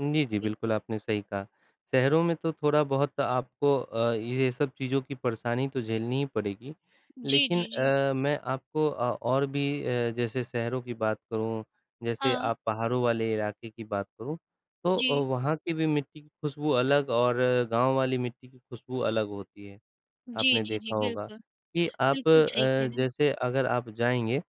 जी, जी। जी। बिल्कुल, आपने सही कहा। शहरों में तो थोड़ा-बहुत आपको अ, ये सब चीज़ों की परेशानी तो झेलनी ही पड़ेगी। जी, लेकिन जी, जी। अ, मैं आपको अ, और भी अ, जैसे शहरों की बात करूँ, जैसे हाँ। आप पहाड़ों वाले इलाके की बात करूँ, तो अ, जी। वहाँ की भी मिट्टी की ख़ुशबू अलग और गाँव वाली मिट्टी की ख़ुशबू अलग होती है। जी, आपने जी, जी, देखा होगा, बिल्कुल। कि आप बिल्कुल सही कह अ, रहे हैं। जैसे अगर आप जाएँगे,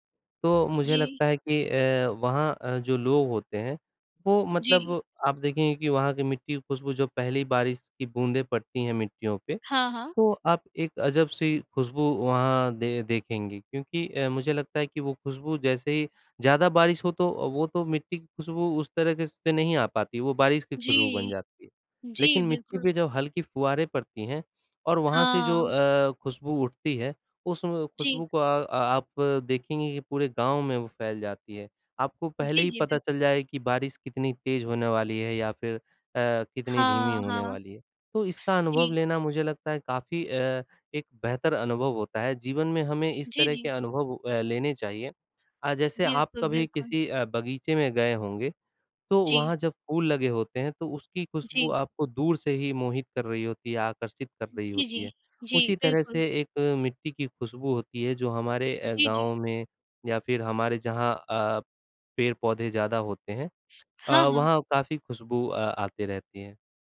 तो मुझे जी। लगता है कि अ, वहाँ अ, जो लोग होते हैं, वो मतलब जी। आप देखेंगे कि वहाँ की मिट्टी की ख़ुशबू जो पहली बारिश की बूँदें पड़ती हैं मिट्टियों पे, हाँ, हाँ। तो आप एक अजब सी ख़ुशबू वहाँ दे देखेंगे। क्योंकि अ, मुझे लगता है कि वो ख़ुशबू जैसे ही ज़्यादा बारिश हो तो वो तो मिट्टी की ख़ुशबू उस तरीके से तो नहीं आ पाती, वो बारिश की ख़ुशबू बन जी। जाती है। जी, लेकिन मिट्टी बिल्कुल। पे जो हल्की फुआरें पड़ती हैं, और वहाँ से जो हाँ। अ, ख़ुशबू उठती है, उस व जी। ख़ुशबू को अ आप देखेंगी कि पूरे गाँव में वो फैल जाती है। आपको पहले जी, ही जी, पता बिल्कुल। चल जाएगा कि बारिश कितनी तेज़ होने वाली है या फिर अ, कितनी धीमी हाँ, होने हाँ। वाली है। तो इसका अनुभव जी। लेना मुझे लगता है काफ़ी अ, एक बेहतर अनुभव होता है, जीवन में हमें इस जी, तरह के जी। अनुभव अ, लेने चाहिए। अ, जैसे आप बिल्कुल, कभी अ, बिल्कुल। किसी बगीचे में गए होंगे, तो जी। वहाँ जब फूल लगे होते हैं तो उसकी ख़ुशबू जी। आपको दूर से ही मोहित कर रही होती है, आकर्षित कर रही जी, जी। होती है। जी, उसी तरह से बिल्कुल। एक मिट्टी की ख़ुशबू होती है जो हमारे अ, जी, जी। गाँव में या फिर हमारे जहाँ अ, पेड़-पौधे ज़्यादा होते हैं अ, हाँ, हाँ। वहाँ काफी ख़ुशबू अ, आते रहती है।